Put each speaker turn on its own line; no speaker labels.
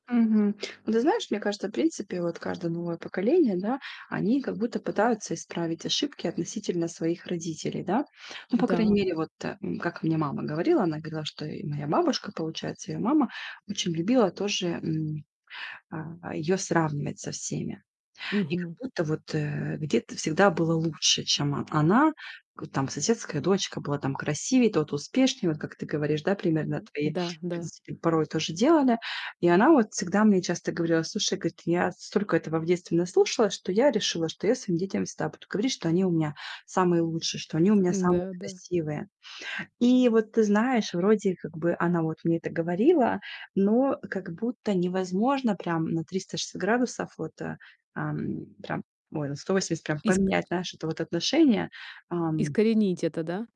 Мгм. Ну, ты знаешь, мне кажется, в принципе, вот каждое новое поколение, да, они как будто пытаются исправить ошибки относительно своих родителей, да. Ну, по крайней
Н-да.
мере, вот, э, как мне мама говорила, она говорила, что и моя бабушка, получается, ее мама, очень любила тоже, м, а, ее сравнивать со всеми. И как
Мгм.
будто вот, э, где-то всегда было лучше, чем о она: э, там соседская дочка была там красивее, тот успешней- вот как ты говоришь, да, примерно,
М,
твои
да, да.
родители порой тоже делали. И она вот всегда мне часто говорила, слушай, говорит: "Я столько этого в детстве наслушалась, что я решила, что я своим детям всегда буду говорить, что они у меня самые лучшие, что они у
Кс
меня
н-да,
самые
да.
красивые". И вот, ты знаешь, вроде как бы она вот мне это говорила, но как будто невозможно прям на 360 градусов вот, а, ам, прям ой, на 180,
Иск
поменять, знаешь, это вот отношение, ам
Искоренить это, да?